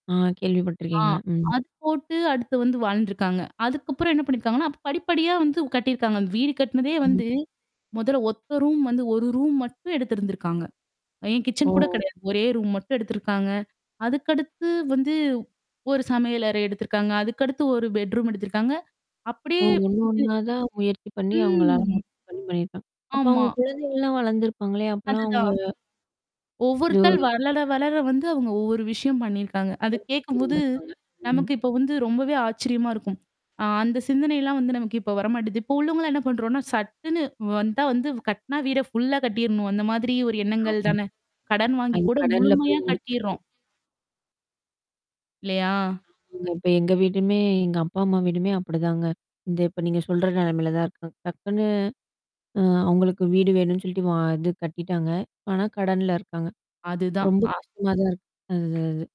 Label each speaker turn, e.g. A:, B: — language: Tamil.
A: ஆ
B: ஆ.
A: கேள்விப்பட்டுருக்கேங்க. ம்.
B: அது போட்டு அடுத்து வந்து வாழ்ந்துருக்காங்க. அதுக்கப்புறம் என்ன பண்ணியிருக்காங்கன்னா, அப்ப படிப்படியா வந்து கட்டியிருக்காங்க. அந்த வீடு கட்டனதே
A: ம்.
B: வந்து முதல்ல ஒத்த ரூம் வந்து 1 ரூம் மட்டும் எடுத்திருந்திருக்காங்க. ஏன்
A: ஓ!
B: கிச்சன் கூட கிடையாது. ஒரே ரூம் மட்டும் எடுத்திருக்காங்க. அதுக்கடுத்து வந்து ஒரு சமையல் அறை எடுத்திருக்காங்க. அதுக்கடுத்து ஒரு பெட்ரூம் எடுத்திருக்காங்க.
A: ஓ!
B: அப்டியே
A: ஒண்ணு
B: இது
A: ஒண்ணா தான் முயற்சி பண்ணி அவங்களால [unintelligible]
B: ம்.
A: பண்ணியிருக்காங்க. அப்ப அவங்க
B: ஆமா.
A: குழந்தைகள்லாம் வளர்ந்துருப்பாங்களோ! அப்பலாம் அவங்க
B: அதுதான்.
A: ஜோ
B: ஒவ்வொருத்தர் வளர, வளர வந்து அவங்க ஒவ்வொரு விஷயம் பண்ணியிருக்காங்க. அது கேட்கும்போது,
A: [unintelligible] ம்.
B: நமக்கு இப்ப வந்து ரொம்பவே ஆச்சரியமா இருக்கும். ஆ அந்த சிந்தனைலாம் வந்து நமக்கு இப்ப வரமாட்டிது. இப்போ உள்ளவங்கலாம் என்ன பண்ணறோம்னா, சட்டுன்னு வந்தா வந்து கட்னா வீட ஃபுல்லா கட்டிரணும். அந்த மாதிரி ஒரு எண்ணங்கள்
A: ஆம்.
B: தான. கடன் வாங்கி
A: அது
B: கூட
A: கடன்ல
B: முழுமையா
A: போய் முடிஞ்சுருது.
B: கட்டிற்றோம். இல்லையா?
A: இப்ப எங்க வீடுமே எங்க அப்பா, அம்மா வீடுமே அப்டிதாங்க. இந்த இப்ப நீங்க சொல்ற நெலமையில தான் இருக்கு டக்குன்னு அ அவங்களுக்கு வீடு வேணும்னு சொல்ட்டு வ இது கட்டிட்டாங்க. இப்ப ஆனா கடன்ல இருக்காங்க.
B: அதுதான்.
A: ரொம்ப
B: அ
A: கஷ்டமா தான் இருக்கு. அது, அது.